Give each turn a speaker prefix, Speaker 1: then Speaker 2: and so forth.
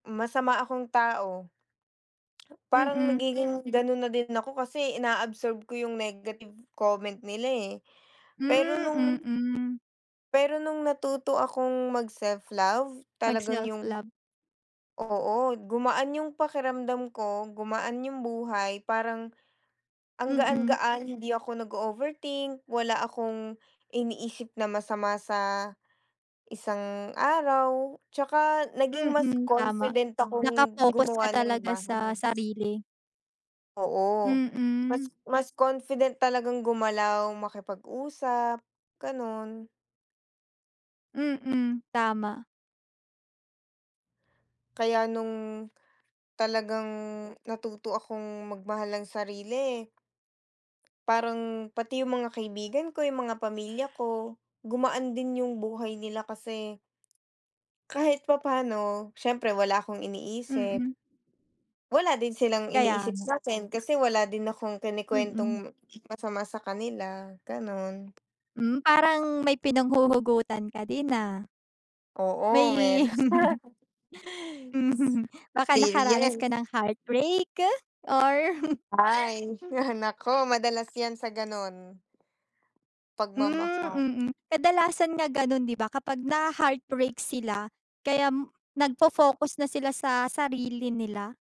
Speaker 1: Masama akong tao. Parang
Speaker 2: Mm.
Speaker 1: nagiging ganun na din ako kasi inaabsorb ko yung negative comment nila eh pero
Speaker 2: Hmm,
Speaker 1: nung
Speaker 2: mm.
Speaker 1: pero nung natuto akong mag self love
Speaker 2: Mag
Speaker 1: talagang
Speaker 2: self
Speaker 1: yung
Speaker 2: love.
Speaker 1: oo gumaan yung pakiramdam ko, gumaan yung buhay parang ang
Speaker 2: Mm.
Speaker 1: gaan-gaan hindi ako nag-ooverthink, wala akong iniisip na masama sa isang araw, tsaka naging mas
Speaker 2: Mm, tama
Speaker 1: confident akong
Speaker 2: nakafocus ka
Speaker 1: gumawa ng
Speaker 2: talaga
Speaker 1: bahay.
Speaker 2: sa sarili.
Speaker 1: Oo mas
Speaker 2: Mm.
Speaker 1: mas confident talagang gumalaw makipag-usap, ganon.
Speaker 2: Mm, tama.
Speaker 1: Kaya nung talagang natuto akong magmahal ng sarili parang pati yung mga kaibigan ko yung mga pamilya ko gumaan din yung buhay nila kasi kahit papano syempre wala akong iniisip.
Speaker 2: Mm.
Speaker 1: Wala din silang
Speaker 2: Kaya
Speaker 1: iniisip
Speaker 2: nga.
Speaker 1: sakin kasi wala din akong
Speaker 2: Mm.
Speaker 1: kinekwentong m masama sa kanila ganun.
Speaker 2: Hmm, parang may pinanghuhugutan ka din ah?
Speaker 1: Oo
Speaker 2: May
Speaker 1: meron.
Speaker 2: Mm, baka nakaranas ka
Speaker 1: Experience.
Speaker 2: ng heartbreak or?
Speaker 1: Ay yung anak ko madalas yan sa ganun. Pagmamahal.
Speaker 2: Hmm, mm kadalasan nga ganun di ba? Kapag na ha-heartbreak sila kaya nag-fofocus na sila sa sarili nila.